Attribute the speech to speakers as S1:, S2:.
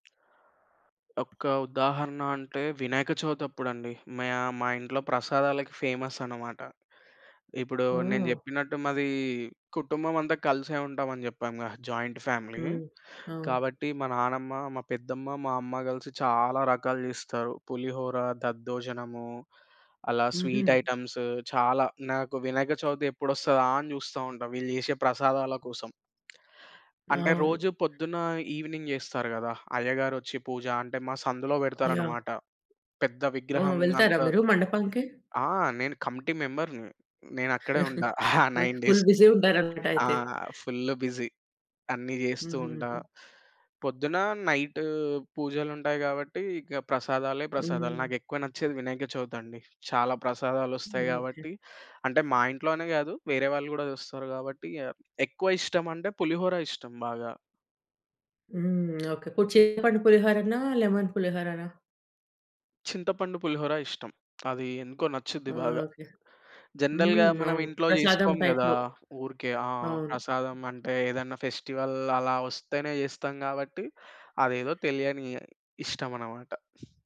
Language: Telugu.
S1: ఒక్క ఉదాహరణ అంటే వినాయక చవితప్పుడండి. మయ మా ఇంట్లో ప్రసాదాలకి ఫేమస్ అన్నమాట. ఇప్పుడు నేను
S2: ఓహో!
S1: జెప్పినట్టు మాది కుటుంబం అంతా కలిసే ఉంటాం అని జెప్పాముగా జాయింట్ ఫ్యామిలీ.
S2: హ్మ్. అవును.
S1: కాబట్టి మా నానమ్మ, మా పెద్దమ్మ, మా అమ్మ గలిసి చాలా రకాలు జేస్తారు. పులిహోర, దద్దోజనము అలా
S2: హుహు.
S1: స్వీట్ ఐటెమ్స్ చాలా. నాకు వినక చవితి ఎప్పుడొస్తదా అని జూస్తా ఉంటా వీళ్ళు జేసే ప్రసాదాల కోసం. అంటే రోజు
S2: అవును.
S1: పొద్దున ఈవినింగ్ జేస్తారు గదా! అయ్యగారొచ్చి పూజ అంటే మా సందులో
S2: యాహ్!
S1: పెడతారన్నమాట పెద్ద
S2: ఆ!
S1: విగ్రహం
S2: వెళ్తారా
S1: అంత
S2: మీరు మండపంకి?
S1: ఆ! నేను కమిటీ మెంబర్‌ని. నేను అక్కడే ఉంటా ఆ
S2: ఓకె.
S1: 9
S2: full
S1: days.
S2: బిజీ ఉంటారన్నమాట
S1: ఆ!
S2: అయితే.
S1: Full busy. అన్ని జెస్తూ ఉంటా.
S2: హుహు.
S1: పొద్దున, నైటు పూజలుంటాయి గాబట్టి ఇక ప్రసాదాలే ప్రసాదాలు.
S2: హ్మ్.
S1: నాకెక్కువ నచ్చేది వినాయక చవితండి. చాలా ప్రసాదాలొస్తాయి
S2: ఓకే.
S1: గాబట్టి. అంటే మా ఇంట్లోనే గాదు. వేరే వాళ్ళు కూడా చూస్తారు కాబట్టి ఇగ ఆహ్, ఎక్కువ ఇష్టం అంటే పులిహోర ఇష్టం బాగా.
S2: హ్మ్. ఓకే. ఇప్పుడు చింతపండు పులిహోరనా? లెమన్ పులిహోరనా?
S1: చింతపండు పులిహోర ఇష్టం. అది ఎందుకో నచ్చుద్ది బాగా.
S2: ఓకే.
S1: జనరల్‌గా
S2: హ్మ్.
S1: మనం
S2: అవును.
S1: ఇంట్లో
S2: ప్రసాదం
S1: జేసుకోం గదా!
S2: టైప్‌లో
S1: ఊరికే. ఆ!
S2: అవును.
S1: ప్రసాదం అంటే ఏదన్నా ఫెస్టివల్ అలా వస్తేనే జేస్తాం కాబట్టి అదేదో తెలియని ఇష్టం అన్నమాట.